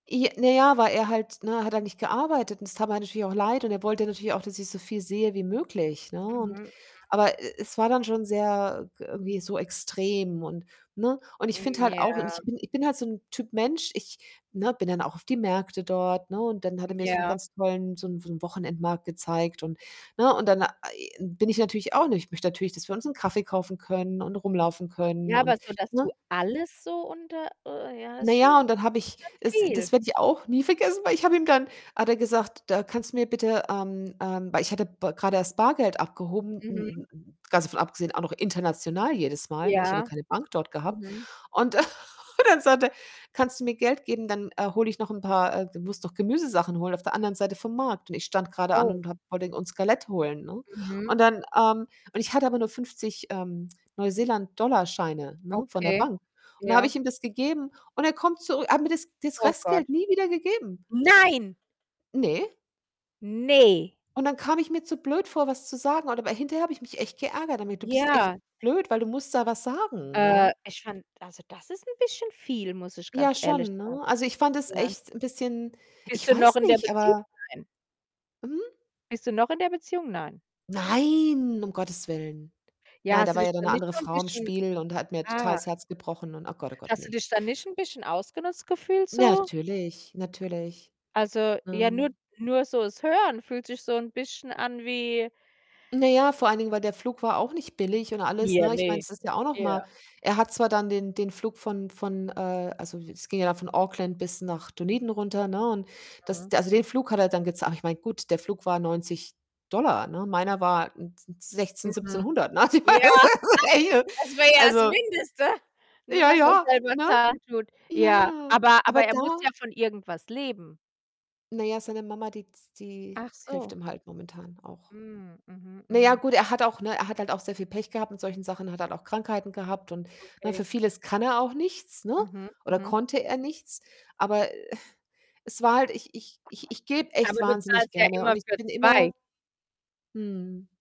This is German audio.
I naja, weil er halt ne, hat halt nicht gearbeitet und es tat mir natürlich auch leid und er wollte natürlich auch, dass ich so viel sehe wie möglich, ne, Mhm, und mhm. aber, e e es war dann schon sehr, äh, g irgendwie so extrem und ne? Und ich finde Mhm, halt auch und ich ja. bin ich bin halt so 'n Typ Mensch, ich ne, bin dann auch auf die Märkte dort, ne, und dann hat er mir so 'n Ja. ganz tollen so 'n so 'n Wochenendmarkt gezeigt und, ne, und dann bin ich natürlich auch nicht ich möchte natürlich, dass wir uns 'nen Kaffee kaufen können und rumlaufen können Ja, aber und so, dass du ne? alles so unter äh, ja Na ist schon ja, und dann das habe ich ist schon es das viel. werde ich auch nie vergessen, weil ich hab ihm dann hat er gesagt, da kannst du mir bitte ähm ähm, weil ich hatte B grade erst Bargeld abgehoben, n Mhm. n n ganz davon abgesehen, auch noch international jedes Mal, ne, ich habe ja Ja, keine Bank dort gehabt. mhm. Und und dann sagt er: „Kannst du mir Geld geben? Dann, äh, hole ich noch 'n paar äh, du musst noch Gemüsesachen holen auf der anderen Seite vom Markt?“, und ich stand grade an Oh. und habe Pudding und [unintelligible] holen, ne? Mhm. Und dann, ähm und ich hatte aber [unintelligible] nur 50, ähm, Neuseeland Dollarscheine, ne, von der Okay, Bank. Und da habe ja. ich ihm [unintelligible] das gegeben und er kommt zurü er hat mir das das Oh Gott. Restgeld nie wieder gegeben. Nein. Ne. Ne! Und dann kam ich mir zu blöd vor, was zu sagen oder weil hinterher habe ich mich echt geärgert damit: „Du bist echt Ja. blöd, weil du musst da was sagen“, ja. Äh, ich fand also, das ist 'n bisschen viel, muss ich Ja, ganz ehrlich schon, sagen. ne? Also, ich fand es Ja. echt 'n bisschen Bist ich du noch weiß in der nicht, Beziehung? aber Nein. Hm Bist du noch in der Beziehung? Nein. Nein, um Gottes Willen. Ja, Nein, hast da du war dich ja dann da 'ne nicht andere so 'n Frau im bisschen Spiel und hat mir total ah. das Herz gebrochen und ach oh Gott, oh Gott, Hast du ne? dich da nicht 'n bisschen ausgenutzt gefühlt so? Natürlich, natürlich. Also, ja, nur Ähm. nur so das Hören fühlt sich so 'n bisschen an wie Na ja, vor allen Dingen, weil der Flug war auch nicht billig und alles, Ja, ne, ich meine ne das ist ja auch noch mal ja. er hat zwar dann den den Flug von von, äh also, es ging ja dann von Auckland bis nach Dunedin runter, ne, und das Mhm. d also, den Flug hat er dann gezah aber ich meine, gut, der Flug war 90 $ ne, meiner war n n 16,, Mhm, 1.700, ne? ja, das [unintelligible] wäre ja das Also Mindeste, nur Ja, das er's ja, selber ne? zahlen tut. Ja, Ja, aber aber aber er da? muss ja von irgendwas leben. Na ja, seine Mama, die z die Ach so. hilft ihm halt momentan auch. Mhm, mhm, Na ja, mhm. gut, er hat auch ne, er hat auch sehr viel Pech gehabt mit solchen Sachen, hat halt auch Krankheiten gehabt und ne, Okay. für vieles kann er auch nichts, ne, Mhm, oder mhm. konnte er nichts, aber, es war halt ich ich ich ich gebe echt Aber du wahnsinnig zahlst ja gerne und immer ich für bin 2. immer Mhm.